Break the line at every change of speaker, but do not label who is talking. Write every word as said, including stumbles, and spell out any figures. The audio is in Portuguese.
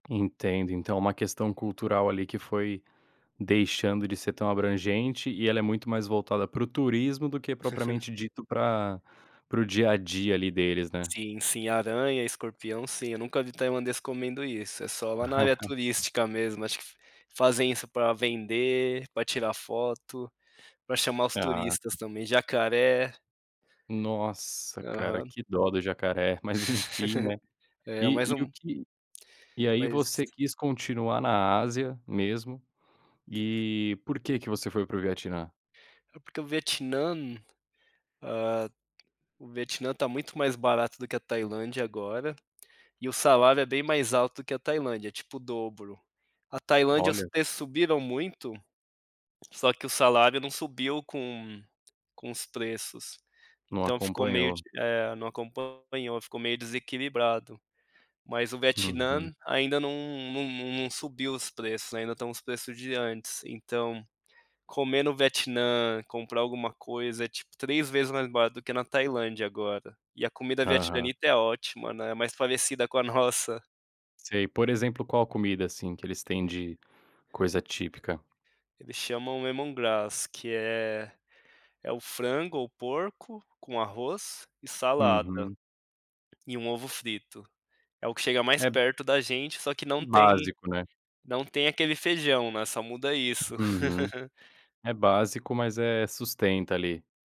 Entendo. Então é uma questão cultural ali que foi deixando de ser tão abrangente, e ela é muito mais voltada para o turismo do que propriamente dito para para o dia a dia ali deles, né.
Sim, sim. Aranha, escorpião, sim. Eu nunca vi Tailandês comendo isso. É só lá na área turística mesmo. Acho que f fazem isso pra vender, pra tirar foto, pra chamar os
Ah.
turistas também. Jacaré.
Nossa, cara.
Aham.
Que dó do jacaré. Mas, enfim, né.
É, mais
E e o
um
que E aí
Mas
você quis continuar na Ásia mesmo. E por que que você foi para o Vietnã?
É porque o Vietnã, ah, o Vietnã está muito mais barato do que a Tailândia agora. E o salário é bem mais alto que o da Tailândia. É tipo o dobro. A Tailândia, os
Olha.
preços subiram muito, só que o salário não subiu com com os preços.
Não
Então ficou meio de
acompanhou.
É, não acompanhou. Ficou meio desequilibrado. Mas o
Uhum.
Vietnã ainda não não não subiu os preços. Ainda estão os preços de antes. Então, comer no Vietnã, comprar alguma coisa é tipo três vezes mais barato do que na Tailândia agora. E a comida
Aham.
vietnamita é ótima, né. É mais parecida com a nossa.
Sei. Por exemplo, qual comida, assim, que eles têm de coisa típica?
Ele chamam Lemongrass que é é o frango ou porco com arroz e salada
Uhum.
e um ovo frito. É o que chega mais
É b
perto da gente, só que não tem
Básico, né.
não tem aquele feijão, né. Só muda isso.
Uhum. É básico, mas, eh, sustenta ali.